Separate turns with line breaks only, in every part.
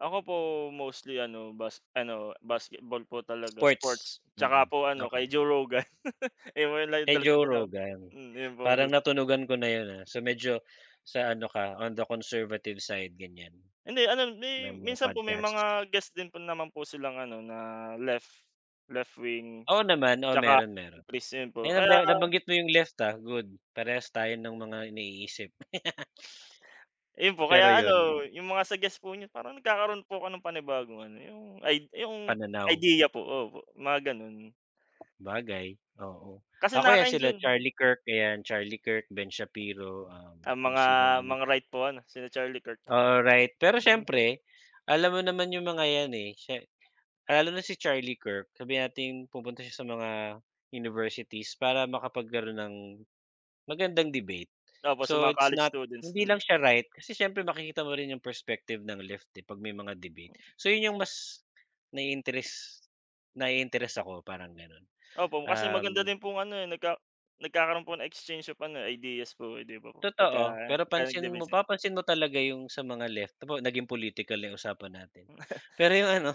Ako po mostly ano, bas ano, basketball po talaga
Sports.
sports,
Mm,
'tsaka po ano, kay
okey.
Joe Rogan.
Kay Joe
[unintelligible]
Rogan
Hmm, yun po
parang
madalas eh.
natunugan ko na yun, ah, so, medyo sa ano ka, on the conservative side gan'yan.
Hindi ano,
Na
may
mga
minsan po may
podcast.
mga guest din naman po silang ano na left, left wing.
Oo naman, oo
'Tsaka
meron, meron.
centris, ayun po.
Ayan
Kaya
na nabanggit mo yung left, ah, good parehas tayo nung mga iniisip.
Ayun po,
Pero
kaya
yun.
ano yung mga suggest po niyo parang nagkakaro'n po ko ng panibagong ano, yung id yung
Pananaw.
ideya po. Opo, mga ganun.
Bagay, oo
Kasi
ako 'yan sila
nakaka-enjoy.
Charlie Kirk, eh, Charlie Kirk, Ben Shapiro, um,
Ang
kung
mga,
sinong ano
mga
diyan.
right po ano, sina Charlie Kirk.
Alright, pero siyempre, alam mo naman yung mga 'yan, eh, sye lalo na si Charlie Kirk sabihin natin pumunta siya sa mga universities para makapagkaroon ng, magandang debate.
Tapos sa
So,
mga
it's
college
not
students,
hindi
hmm.
lang siya right kasi siyempre makikita mo rin yung perspective ng left pag may mga debate. So, yun yung mas, nai-interest, nai-interest ako parang gano'n,
Opo, kasi maganda
um.
din pong ano, eh, nagka nagkakaroon po ng exchange of ano, eh, ideas po, eh, 'di ba po pagka
Totoo, pero pansin mo,
nag-debate.
papansin mo talaga yung sa mga left [unintelligible] naging political na yung usapan natin. Pero yung ano,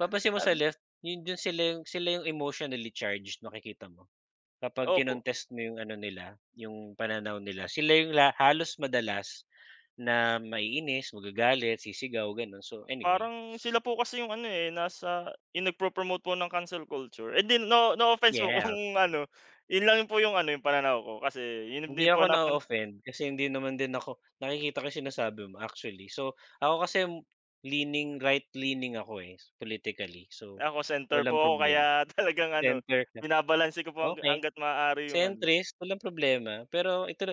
papansin mo sa left, yun dun sila yung, sila yung emotionally charged makikita mo. Kapag
Opo.
kinontest mo yung ano nila, yung pananaw nila, sila yung la halos madalas, na maiinis, magagalit, sisigaw, ganun, so anyway.
Parang sila po kasi yung ano, eh, nasa yung nagpro-promote po ng cancel culture. hindi, no, no offense po
Yes.
kung ano, yun lang po yung ano, yung pananaw ko kasi yun
Hindi
din po
ako
napan
na-o-offend kasi hindi naman din ako, nakikita ko sinasabi mo, actually. So, ako kasi, leaning right leaning ako, eh, politically. So,
Ako center po
walang
ko
problema.
kaya talagang ano,
Center. [unintelligible]
binabalanse ko po hang
Okey.
hangga't maaari yung ano.
Centrist, walang problema. Pero ito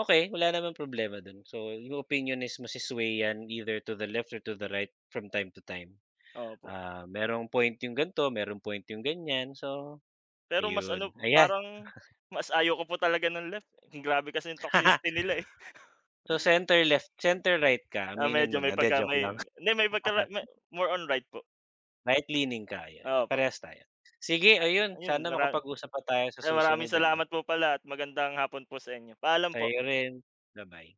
okey wala namang problema dun. So, yung opinion is maswe-sway 'yan either to the left or to the right from time to time.
Opo.
Ah, merong point yung gan'to, merong point yung gan'yan. So,
Pero mas ano,
ayun. Ayan.
parang, mas ayaw ko po talaga ng left, grabe kasi yung toxicity nila, eh.
So, center left, center right ka
Ah,
aminin mo
medyo may
na, 'di
pagka
joke
may
lang.
hindi may pagka may more on right po.
Right leaning ka ayan,
Opo.
parehas tayo, sige
Ah,
ayun
yun
sana
marami.
makapag-usap pa tayo sa
Ay maraming
susunod ano.
salamat po pala at magandang hapon po sa inyo, paalam po.
Sa'yo rin, ba-bye.